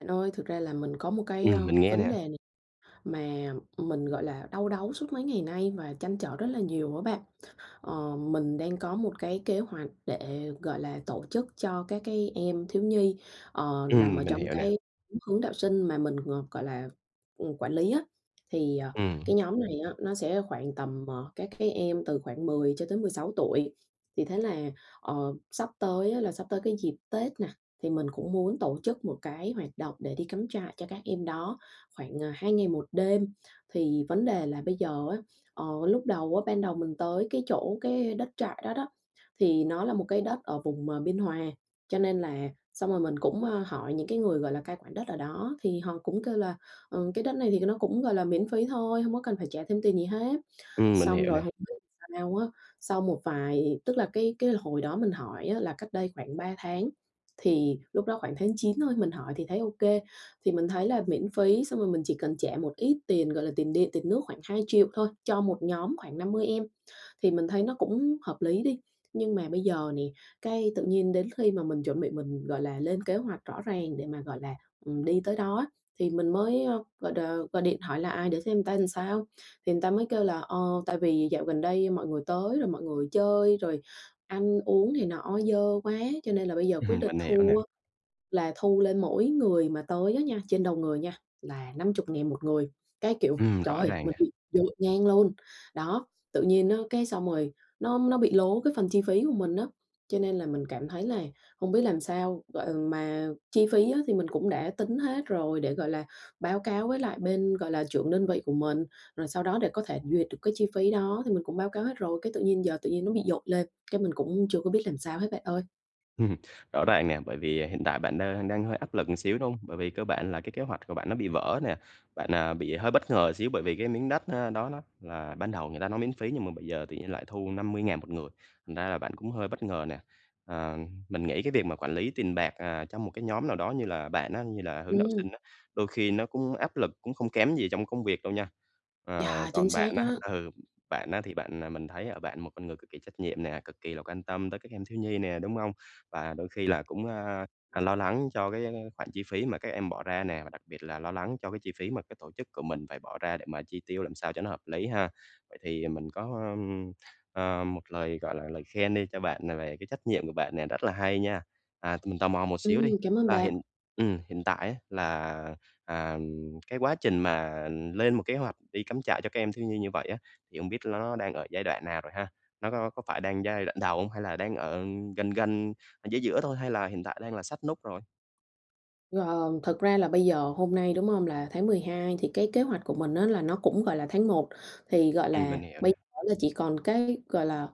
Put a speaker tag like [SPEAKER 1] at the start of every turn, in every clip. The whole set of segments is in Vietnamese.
[SPEAKER 1] Bạn ơi, thực ra là mình có một cái,
[SPEAKER 2] Ừm,
[SPEAKER 1] ơ,
[SPEAKER 2] mình nghe
[SPEAKER 1] vấn đề
[SPEAKER 2] nè.
[SPEAKER 1] này mà, ừm, mình, gọi là, đau đáu suốt mấy ngày nay và trăn trở rất là nhiều á bạn. Ờ, mình đang có một cái kế hoạch để, gọi là, tổ chức cho các cái em thiếu nhi, ờ, nằm ở
[SPEAKER 2] Ừm, mình
[SPEAKER 1] trong
[SPEAKER 2] hiểu nè.
[SPEAKER 1] cái hướng đạo sinh mà mình, ờ, gọi là, ừm, quản lý á. Thì, ờ,
[SPEAKER 2] Ừm.
[SPEAKER 1] cái nhóm này á, nó sẽ khoảng tầm, ờ, các cái em từ khoảng 10 cho tới 16 tuổi. Thì thế là, ờ, sắp tới á, là sắp tới cái dịp Tết nè, thì mình cũng muốn tổ chức một cái hoạt động để đi cắm trại cho các em đó khoảng, à, 2 ngày 1 đêm. Thì vấn đề là bây giờ á, ờ, lúc đầu á ban đầu mình tới cái chỗ cái đất trại đó đó, thì nó là một cái đất ở vùng, ờ, Biên Hòa. Cho nên là xong rồi mình cũng, à, hỏi những cái người, gọi là, cai quản đất ở đó thì họ cũng kêu là, ờ, cái đất này thì nó cũng, gọi là, miễn phí thôi, hông có cần phải trả thêm tiền gì hết.
[SPEAKER 2] Ừm, mình hiểu
[SPEAKER 1] Xong rồi
[SPEAKER 2] nè.
[SPEAKER 1] hông biết sao á, sau một vài tức là cái cái hồi đó mình hỏi á, là cách đây khoảng 3 tháng, thì lúc đó khoảng tháng 9 thôi. Mình hỏi thì thấy OK, thì mình thấy là miễn phí xong rồi mình chỉ cần trả một ít tiền, gọi là, tiền điện, tiền nước khoảng 2.000.000 thôi cho một nhóm khoảng 50 em thì mình thấy nó cũng hợp lý đi. Nhưng mà bây giờ nè, cái tự nhiên đến khi mà mình chuẩn bị mình, gọi là, lên kế hoạch rõ ràng để mà, gọi là, ừm, đi tới đó á. Thì mình mới, ờ, gọi đ gọi điện hỏi lại để xem ta sao, thì người ta mới kêu là, ờ, tại vì dạo gần đây mọi người tới rồi mọi người chơi rồi ăn uống này nọ dơ quá cho nên là bây giờ quyết
[SPEAKER 2] Ừm,
[SPEAKER 1] định
[SPEAKER 2] mình hiểu
[SPEAKER 1] thu
[SPEAKER 2] nè.
[SPEAKER 1] á, là thu lên mỗi người mà tới á nha, trên đầu người nha, là 50.000 1 người. Cái, kiểu,
[SPEAKER 2] Ừm,
[SPEAKER 1] trời
[SPEAKER 2] rõ
[SPEAKER 1] ơi,
[SPEAKER 2] ràng
[SPEAKER 1] mình
[SPEAKER 2] nè.
[SPEAKER 1] bị dội ngang luôn, đó. Tự nhiên á, cái xong rồi, nó nó bị lố cái phần chi phí của mình á, cho nên là mình cảm thấy là không biết làm sao. Gọi mà chi phí á, thì mình cũng đã tính hết rồi để, gọi là, báo cáo với lại bên, gọi là, trưởng đơn vị của mình. Rồi sau đó để có thể duyệt được cái chi phí đó thì mình cũng báo cáo hết rồi. Cái tự nhiên giờ tự nhiên nó bị dội lên cái mình cũng chưa có biết làm sao hết, bạn ơi.
[SPEAKER 2] Ừm, rõ ràng nè. Bởi vì, ờ, hiện tại bạn đang đang hơi áp lực một xíu, đúng không? Bởi vì cơ bản là cái kế hoạch của bạn nó bị vỡ nè. Bạn, ờ, bị hơi bất ngờ xíu bởi vì cái miếng đất, ơ, đó đó là ban đầu người ta nói miễn phí nhưng mà bây giờ tự nhiên lại thu 50.000 một người, thành ra là bạn cũng hơi bất ngờ nè. À, mình nghĩ cái việc mà quản lý tiền bạc, à, trong một cái nhóm nào đó như là bạn á, như là hướng đạo
[SPEAKER 1] Ừm.
[SPEAKER 2] sinh á, đôi khi nó cũng áp lực, cũng không kém gì trong công việc đâu nha. Ờ,
[SPEAKER 1] Yeah, chính
[SPEAKER 2] còn
[SPEAKER 1] xác
[SPEAKER 2] bạn á
[SPEAKER 1] á!
[SPEAKER 2] ừ, bạn á, thì bạn, ờ mình thấy ở bạn một con người cực kỳ trách nhiệm nè, cực kỳ là quan tâm tới các em thiếu nhi nè, đúng hông? Và đôi khi là cũng, a, à, lo lắng cho cái khoản chi phí mà các em bỏ ra nè. Và đặc biệt là lo lắng cho cái chi phí mà cái tổ chức của mình phải bỏ ra để mà chi tiêu làm sao cho nó hợp lý ha. Vậy thì mình có, ừm, ờ, một lời, gọi là, lời khen đi cho bạn, ờ, về cái trách nhiệm của bạn nè, rất là hay nha. À, thì mình tò mò một xíu
[SPEAKER 1] Ừm,
[SPEAKER 2] đi,
[SPEAKER 1] cảm ơn
[SPEAKER 2] là
[SPEAKER 1] bạn.
[SPEAKER 2] hiện ừm, hiện tại á, là, à, ừm, cái quá trình mà, ừm, lên một kế hoạch đi cắm trại cho các em thiếu nhi như vậy á, thì hông biết nó đang ở giai đoạn nào rồi ha? Nó có có phải đang giai đoạn đầu hông? Hay là đang ở gần gần, ở giữa giữa thôi? Hay là hiện tại đang là sát nút rồi?
[SPEAKER 1] Gờm, thật ra là bây giờ hôm nay, đúng hông? Là tháng Mười hai thì cái kế hoạch của mình á là nó cũng, gọi là, tháng Một, thì, gọi
[SPEAKER 2] Ừm,
[SPEAKER 1] là,
[SPEAKER 2] mình hiểu nè.
[SPEAKER 1] bây giờ chỉ còn cái, gọi là,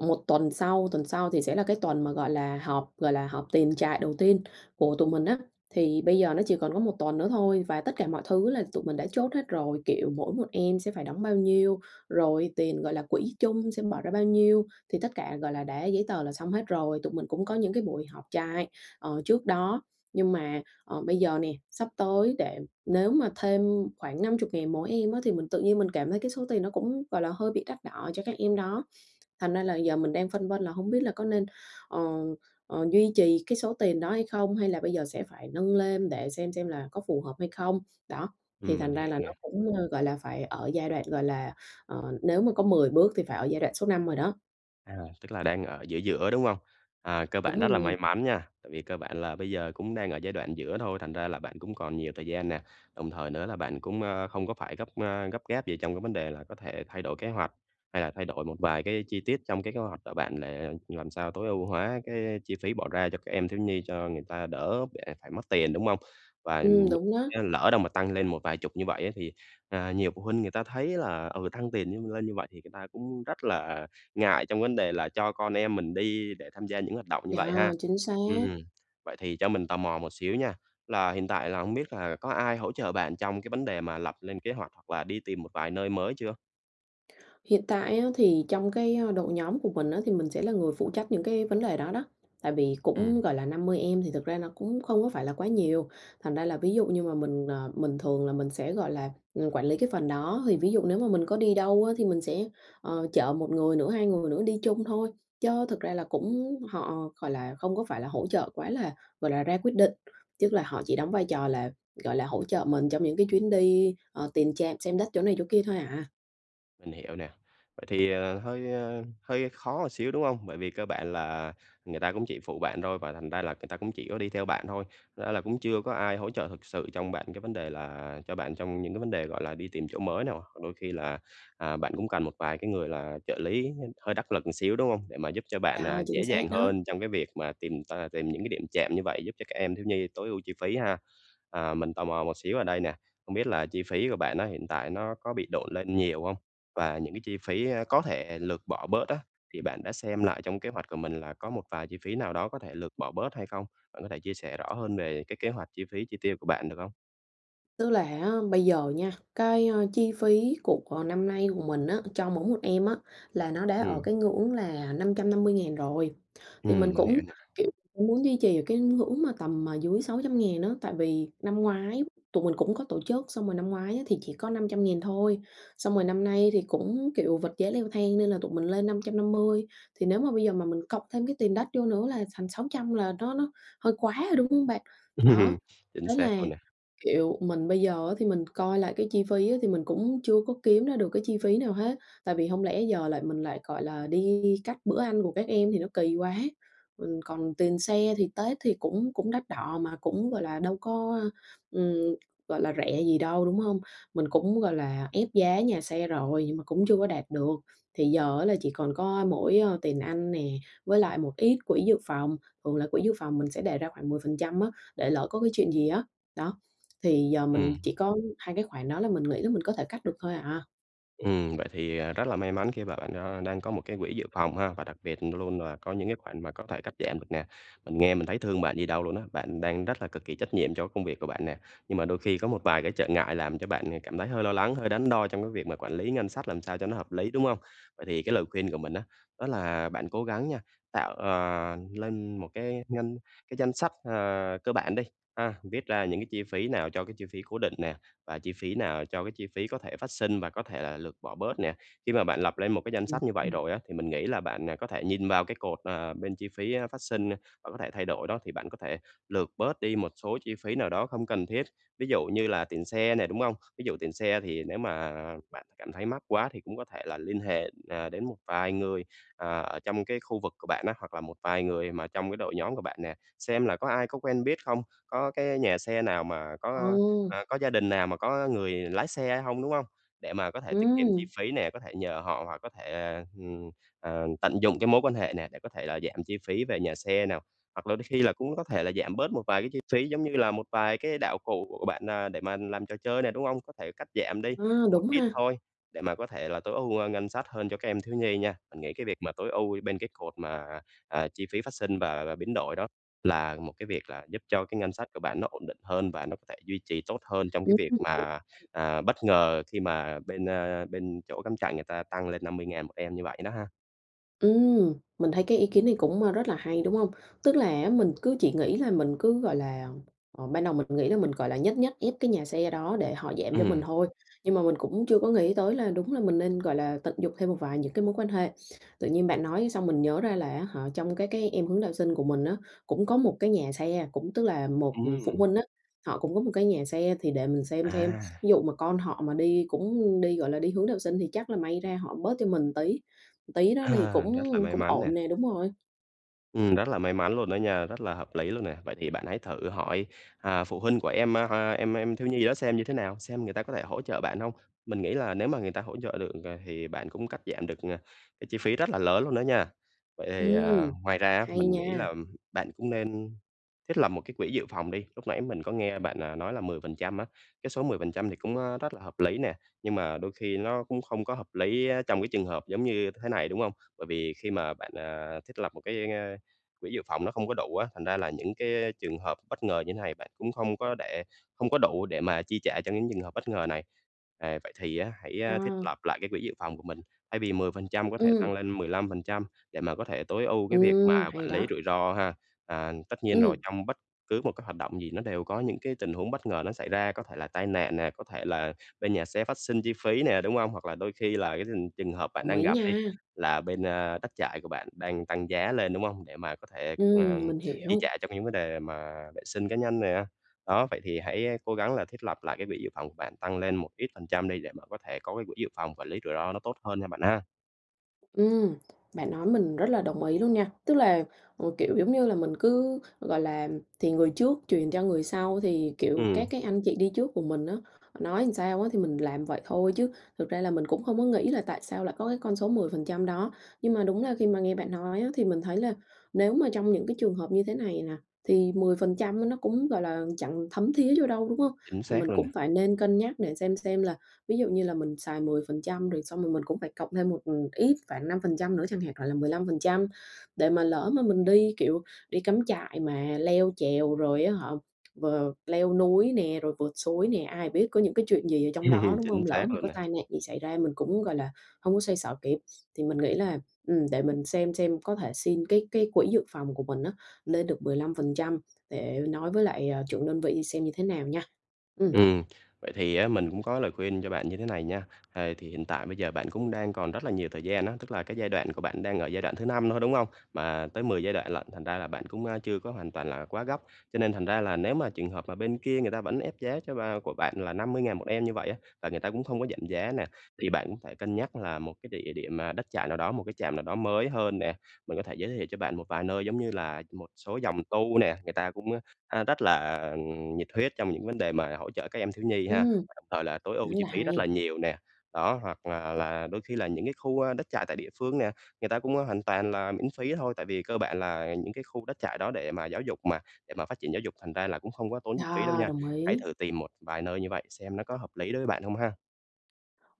[SPEAKER 1] 1 tuần sau, tuần sau thì sẽ là cái tuần mà, gọi là, họp, gọi là, họp tiền trại đầu tiên của tụi mình á. Thì bây giờ nó chỉ còn có 1 tuần nữa thôi và tất cả mọi thứ là tụi mình đã chốt hết rồi, kiểu, mỗi một em sẽ phải đóng bao nhiêu, rồi, tiền gọi là quỹ chung sẽ bỏ ra bao nhiêu thì tất cả, gọi là, đã giấy tờ là xong hết rồi. Tụi mình cũng có những cái buổi họp trại, ờ, trước đó nhưng mà, ờ, bây giờ nè, sắp tới để nếu mà thêm khoảng 50 ngàn mỗi em á thì mình tự nhiên mình cảm thấy cái số tiền nó cũng, gọi là, hơi bị đắt đỏ cho các em đó thành ra là giờ mình đang phân vân là hông biết là có nên, ờ, ờ, duy trì cái số tiền đó hay không? Hay là bây giờ sẽ phải nâng lên để xem xem là có phù hợp hay không? Đó, thì
[SPEAKER 2] Ừm, mình
[SPEAKER 1] thành ra
[SPEAKER 2] hiểu
[SPEAKER 1] là nó
[SPEAKER 2] nè.
[SPEAKER 1] cũng, ơ, gọi là, phải ở giai đoạn, gọi là, ờ, nếu mà có 10 bước thì phải ở giai đoạn số 5 rồi đó.
[SPEAKER 2] À, tức là đang ở giữa giữa, đúng hông? À, cơ
[SPEAKER 1] Đúng
[SPEAKER 2] bản
[SPEAKER 1] rồi
[SPEAKER 2] rất là
[SPEAKER 1] nè.
[SPEAKER 2] may mắn nha, tại vì cơ bản là bây giờ cũng đang ở giai đoạn giữa thôi, thành ra là bạn cũng còn nhiều thời gian nè, đồng thời nữa là bạn cũng, ơ, không có phải gấp, ơ, gấp gáp gì trong cái vấn đề là có thể thay đổi kế hoạch hay là thay đổi một vài cái chi tiết trong cái kế hoạch ở bạn để như làm sao tối ưu hóa cái chi phí bỏ ra cho các em thiếu nhi cho người ta đỡ để phải mất tiền, đúng hông? Và
[SPEAKER 1] Ừm, đúng đó.
[SPEAKER 2] chớ lỡ đâu mà tăng lên một vài chục như vậy á thì, à, nhiều phụ huynh người ta thấy là, ừ, tăng tiền nhân lên như vậy thì người ta cũng rất là ngại trong vấn đề là cho con em mình đi để tham gia những hoạt động như vậy
[SPEAKER 1] Yeah,
[SPEAKER 2] ha.
[SPEAKER 1] chính xác.
[SPEAKER 2] Ừm. Vậy thì cho mình tò mò một xíu nha, là hiện tại là hông biết là có ai hỗ trợ bạn trong cái vấn đề mà lập lên kế hoạch hoặc là đi tìm một vài nơi mới chưa?
[SPEAKER 1] Hiện tại á, thì trong cái, a, đội nhóm của mình á, thì mình sẽ là người phụ trách những cái vấn đề đó đó. Tại vì cũng,
[SPEAKER 2] Ừm.
[SPEAKER 1] gọi là, 50 em thì thực ra nó cũng không có phải là quá nhiề, thành ra là ví dụ như mà mình, ờ, mình thường là mình sẽ, gọi là, ừm, quản lý cái phần đó. Thì ví dụ nếu mà mình có đi đâu á, thì mình sẽ, ờ, chở 1 người nữa, 2 người nữa đi chung thôi. Chớ thực ra là cũng họ, gọi là, không có phải là hỗ trợ quá lá, gọi là, ra quyết định. Tức là họ chỉ đóng vai trò là, gọi là, hỗ trợ mình trong những cái chuyến đi, ờ, tiền trạm xem đất chỗ này chỗ kia thôi à.
[SPEAKER 2] Mình hiểu nè. Vậy thì, ờ, hơi, ơ, hơi khó một xíu, đúng hông? Bởi vì cơ bản là người ta cũng chỉ phụ bạn thôi và thành ra là người ta cũng chỉ có đi theo bạn thôi. Ra là cũng chưa có ai hỗ trợ thực sự trong bạn cái vấn đề là cho bạn trong những cái vấn đề, gọi là, đi tìm chỗ mới nà. Hoặc đôi khi là, à, bạn cũng cần một vài cái người là trợ lý hơi đắc lực một xíu, đúng hông? Để mà giúp cho bạn,
[SPEAKER 1] Đo,
[SPEAKER 2] à,
[SPEAKER 1] chính
[SPEAKER 2] dễ dàng
[SPEAKER 1] xác đó.
[SPEAKER 2] hơn trong cái việc mà tìm t tìm những cái điểm trạm như vậy giúp cho các em thiếu nhi tối ưu chi phí ha. À, mình tò mò một xíu ở đây nè. Không biết là chi phí của bạn á, hiện tại nó có bị độn lên nhiều hông? Và những cái chi phí có thể lược bỏ bớt á, thì bạn đã xem lại trong kế hoạch của mình là có một vài chi phí nào đó có thể lược bỏ bớt hay không? Bạn có thể chia sẻ rõ hơn về cái kế hoạch chi phí chi tiêu của bạn được hông?
[SPEAKER 1] Tức là á, bây giờ nha, cái, a, chi phí của của năm nay của mình á, cho mỗi một em á, là nó đã ở
[SPEAKER 2] Ừm.
[SPEAKER 1] cái ngưỡng là 550.000 rồi. Thì mình
[SPEAKER 2] Ừm, mình
[SPEAKER 1] cũng,
[SPEAKER 2] hiểu nè.
[SPEAKER 1] kiểu, cũng muốn duy trì ở cái ngưỡng mà tầm mà dưới 600.000 á. Tại vì năm ngoái tụi mình cũng có tổ chức, xong rồi năm ngoái á, thì chỉ có 500.000 thôi. Xong rồi năm nay thì cũng, kiểu, vật giá leo thang nên là tụi mình lên 550. Thì nếu mà bây giờ mà mình cộng thêm cái tiền đất vô nữa là thành 600 là nó nó hơi quá rồi, đúng hông bạn? Đó,
[SPEAKER 2] Ừm, chính
[SPEAKER 1] thế
[SPEAKER 2] xác
[SPEAKER 1] là,
[SPEAKER 2] luôn nè.
[SPEAKER 1] kiểu, mình bây giờ á, thì mình coi lại cái chi phí á, thì mình cũng chưa có kiếm ra được cái chi phí nào hết. Tại vì hông lẽ giờ lại mình lại, gọi là, đi cắt bữa ăn của các em thì nó kỳ quá. Ừm, còn tiền xe thì Tết thì cũng cũng đắt đỏ mà cũng, gọi là, đâu có, a, ừm, gọi là, rẻ gì đâu, đúng hông? Mình cũng, gọi là, ép giá nhà xe rồi nhưng mà cũng chưa có đạt được. Thì giờ á, là chỉ còn có mỗi, ơ, tiền ăn nè, với lại một ít quỹ dự phòng. Thường là quỹ dự phòng mình sẽ đề ra khoảng 10% á, để lỡ có cái chuyện gì á. Đó, thì giờ mình
[SPEAKER 2] Ừm.
[SPEAKER 1] chỉ có hai cái khoản đó là mình nghĩ là mình có thể cắt được thôi à.
[SPEAKER 2] Ừm, vậy thì, à, rất là may mắn khi mà bạn, a, đang có một cái quỹ dự phòng ha, và đặc biệt luôn luôn là có những cái khoản mà có thể cắt giảm được nè. Mình nghe mình thấy thương bạn gì đâu luôn á, bạn đang rất là cực kỳ trách nhiệm cho cái công việc của bạn nè, nhưng mà đôi khi có một vài cái trở ngại làm cho bạn ngày cảm thấy hơi lo lắng, hơi đắn đo trong cái việc mà quản lý ngân sách làm sao cho nó hợp lý, đúng hông? Vậy thì cái lời khuyên của mình á, đó là bạn cố gắng nha, tạo, ờ, lên một cái ngân cái danh sách, à, cơ bản đi ha, viết ra những cái chi phí nào cho cái chi phí cố định nè, và chi phí nào cho cái chi phí có thể phát sinh và có thể là lượt bỏ bớt nè. Khi mà bạn lập lên một cái danh
[SPEAKER 1] Ừm,
[SPEAKER 2] sách như vậy
[SPEAKER 1] ưm.
[SPEAKER 2] rồi á, thì mình nghĩ là bạn, à, có thể nhìn vào cái cột, ờ, bên chi phí, á, phát sinh và có thể thay đổi đó thì bạn có thể lượt bớt đi một số chi phí nào đó không cần thiết. Ví dụ như là tiền xe nè, đúng hông? Ví dụ tiền xe thì nếu mà bạn cảm thấy mắc quá thì cũng có thể là liên hệ, à, đến một vài người, à, ở trong cái khu vực của bạn á, hoặc là một vài người mà trong cái đội nhóm của bạn nè, xem là có ai có quen biết không? Có cái nhà xe nào mà có,
[SPEAKER 1] Ừm.
[SPEAKER 2] a, à, có gia đình nào mà có người lái xe hay hông, đúng hông? Để mà có thể tiết kiệm chi
[SPEAKER 1] Ừm.
[SPEAKER 2] phí nè, có thể nhờ họ hoặc có thể, ờ, hừm, ờ, tận dụng cái mối quan hệ nè, để có thể là giảm chi phí về nhà xe nà. Hoặc là đôi khi là cũng có thể là giảm bớt một vài cái chi phí giống như là một vài cái đạo cụ của bạn, à, để mà làm trò chơi nè, đúng hông? Có thể cắt giảm đi
[SPEAKER 1] A,
[SPEAKER 2] một
[SPEAKER 1] đúng
[SPEAKER 2] ít
[SPEAKER 1] ha.
[SPEAKER 2] thôi, để mà có thể là tối ưu, ơ, ngân sách hơn cho các em thiếu nhi nha. Mình nghĩ cái việc mà tối ưu bên cái cột mà, à, chi phí phát sinh và và và biến đổi đó là một cái việc là giúp cho cái ngân sách của bạn nó ổn định hơn và nó có thể duy trì tốt hơn trong cái
[SPEAKER 1] Ưm
[SPEAKER 2] việc mà,
[SPEAKER 1] [unintelligible]
[SPEAKER 2] à, bất ngờ khi mà bên, a, bên chỗ cắm trại người ta tăng lên 50.000 một em như vậy đó ha.
[SPEAKER 1] Ừm, mình thấy cái ý kiến này cũng, ơ, rất là hay, đúng không? Tức là á, mình cứ chỉ nghĩ là mình cứ, gọi là ờ, ban đầu mình nghĩ là mình, gọi là nhất nhất ép cái nhà xe đó để họ giảm cho mình
[SPEAKER 2] Ừm.
[SPEAKER 1] thôi. Nhưng mà mình cũng chưa có nghĩ tới là đúng là mình nên, gọi là, tận dụng thêm một vài những cái mối quan hệ. Tự nhiên bạn nói xong mình nhớ ra là á hả, trong các cái em hướng đạo sinh của mình á, cũng có một cái nhà xe, cũng tức là một, ừm, phụ
[SPEAKER 2] Ừm.
[SPEAKER 1] huynh á, họ cũng đúng một cái nhà xe. Thì để mình xem xem,
[SPEAKER 2] À.
[SPEAKER 1] ví dụ mà con họ mà đi cũng đi, gọi là, đi hướng đạo sinh, thì chắc là may ra họ bớt cho mình tí, tí đó thì
[SPEAKER 2] À,
[SPEAKER 1] cũng
[SPEAKER 2] rất là may
[SPEAKER 1] cũng
[SPEAKER 2] mắn nè.
[SPEAKER 1] ổn nè, đúng rồi.
[SPEAKER 2] Ừm, rất là may mắn luôn đó nha, rất là hợp lý luôn nè. Vậy thì bạn hãy thử hỏi, à, phụ huynh của em, a ha, em em thiếu nhi đó xem như thế nào, xem người ta có thể hỗ trợ bạn hông? Mình nghĩ là nếu mà người ta hỗ trợ được, ừ, à, thì bạn cũng cắt giảm được, ờ, cái chi phí rất là lớn luôn đó nha. Vậy thì, à,
[SPEAKER 1] Ừm,
[SPEAKER 2] ngoài ra á,
[SPEAKER 1] hay
[SPEAKER 2] mình nghĩ
[SPEAKER 1] nha!
[SPEAKER 2] là bạn cũng nên thiết lập một cái quỹ dự phòng đi. Lúc nãy mình có nghe bạn, à, nói là 10% á, cái số 10% thì cũng, a, rất là hợp lý nè. Nhưng mà đôi khi nó cũng không có hợp lý á, trong cái trường hợp giống như thế này, đúng không? Bởi vì khi mà bạn, à, thiết lập một cái, a, quỹ dự phòng nó không có đủ á, thành ra là những cái trường hợp bất ngờ như thế này, bạn cũng không có để không có đủ để mà chi trả cho những trường hợp bất ngờ này. À, vậy thì á, hãy thiết
[SPEAKER 1] Yeah.
[SPEAKER 2] lập lại cái quỹ dự phòng của mình, thay vì 10% có thể tăng
[SPEAKER 1] Ừm.
[SPEAKER 2] lên 15% để mà có thể tối ưu cái việc mà
[SPEAKER 1] Ừm,
[SPEAKER 2] quản
[SPEAKER 1] hay
[SPEAKER 2] lý
[SPEAKER 1] đó.
[SPEAKER 2] rủi ro ha. À, tất nhiên rồi,
[SPEAKER 1] Ừm.
[SPEAKER 2] trong bất cứ một cái hoạt động gì nó đều có những cái tình huống bất ngờ nó xảy ra, có thể là tai nạn nè, có thể là bên nhà xe phát sinh chi phí nè, đúng không? Hoặc là đôi khi là cái thừn trường hợp bạn
[SPEAKER 1] Đồng
[SPEAKER 2] đang
[SPEAKER 1] ý
[SPEAKER 2] gặp đi,
[SPEAKER 1] nha.
[SPEAKER 2] là bên, a, đất trại của bạn đang tăng giá lên, đúng không? Để mà có thể, ờ,
[SPEAKER 1] Ừm, mình
[SPEAKER 2] chi
[SPEAKER 1] hiểu.
[SPEAKER 2] trả cho những vấn đề mà vệ sinh cá nhân nè. Đó, vậy thì hãy cố gắng là thiết lập lại cái quỹ dự phòng của bạn tăng lên một ít phần trăm đi để mà có thể có cái quỹ dự phòng quản lý rủi ro nó tốt hơn nha bạn ha.
[SPEAKER 1] Ừm, bạn nói mình rất là đồng ý luôn nha. Tức là, kiểu, ừ, giống như là mình cứ, gọi là, thì người trước truyền cho người sau, thì, kiểu, các
[SPEAKER 2] Ừm.
[SPEAKER 1] cái anh chị đi trước của mình á, nói sao á, thì mình làm vậy thôi chứ thực ra là mình cũng không có nghĩ là tại sao lại có cái con số 10% đó. Nhưng mà đúng là khi mà nghe bạn nói á, thì mình thấy là nếu mà trong những cái trường hợp như thế này nè, thì 10% nó cũng, gọi là, chẳng thấm thía vô đâu, đúng hông?
[SPEAKER 2] Chính
[SPEAKER 1] Thì mình
[SPEAKER 2] xác luôn
[SPEAKER 1] cũng
[SPEAKER 2] nè.
[SPEAKER 1] phải nên cân nhắc để xem xem là ví dụ như là mình xài 10% rồi xong rồi mình cũng phải cộng thêm một, ừm, ít khoảng 5% nữa chẳng hạn, gọi là, 15%. Để mà lỡ mà mình đi, kiểu, đi cắm trại mà leo trèo rồi á hả, ờ, leo núi nè rồi vượt suối nè, ai biết có những cái chuyện gì ở trong đó, đúng
[SPEAKER 2] Chính
[SPEAKER 1] không? Lỡ
[SPEAKER 2] xác
[SPEAKER 1] mà
[SPEAKER 2] luôn
[SPEAKER 1] có
[SPEAKER 2] nè.
[SPEAKER 1] tai nạn gì xảy ra mình cũng, gọi là, hông có xoay xở kịp. Thì mình nghĩ là, ừm, để mình xem xem có thể xin cái cái quỹ dự phòng của mình á, lên được 15% để nói với lại, ờ, trưởng đơn vị xem như thế nào nha. Ừm.
[SPEAKER 2] Ừm, vậy thì á, mình cũng có lời khuyên cho bạn như thế này nha. À, thì hiện tại bây giờ bạn cũng đang còn rất là nhiều thời gian á, tức là cái giai đoạn của bạn đang ở giai đoạn thứ 5 thôi, đúng hông? Mà tới 10 giai đoạn lận, thành ra là bạn cũng, à, chưa có hoàn toàn là quá gấp. Cho nên thành ra là nếu mà trường hợp mà bên kia người ta vẫn ép giá cho a, của bạn là 50.000 một em như vậy á, và người ta cũng không có giảm giá nè, thì bạn cũng phải cân nhắc là một cái địa điểm mà đất trại nào đó, một cái trạm nào đó mới hơn nè. Mình có thể giới thiệu cho bạn một vài nơi giống như là một số dòng tu nè. Người ta cũng, a, rất là, à, nhiệt huyết trong những vấn đề mà hỗ trợ các em thiếu nhi ha,
[SPEAKER 1] Ừm.
[SPEAKER 2] và đồng thời là tối ưu
[SPEAKER 1] Rất
[SPEAKER 2] chi
[SPEAKER 1] là
[SPEAKER 2] phí rất là
[SPEAKER 1] hay!
[SPEAKER 2] nhiều nè. Đó, hoặc là là đôi khi là những cái khu, a, đất trại tại địa phương nè, người ta cũng hoàn toàn là miễn phí thôi, tại vì cơ bản là những cái khu đất trại đó để mà giáo dục mà để mà phát triển giáo dục, thành ra là cũng không có tốn chi phí đâu
[SPEAKER 1] À!
[SPEAKER 2] nha.
[SPEAKER 1] Đồng
[SPEAKER 2] Hãy
[SPEAKER 1] ý.
[SPEAKER 2] thử tìm một vài nơi như vậy xem nó có hợp lý đối với bạn hông ha.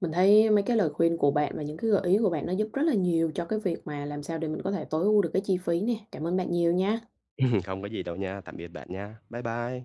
[SPEAKER 1] Mình thấy mấy cái lời khuyên của bạn và những cái gợi ý của bạn nó giúp rất là nhiều cho cái việc mà làm sao để mình có thể tối ưu được cái chi phí nè. Cảm ơn bạn nhiều nha.
[SPEAKER 2] Không có gì đâu nha, tạm biệt bạn nha. Bye bye.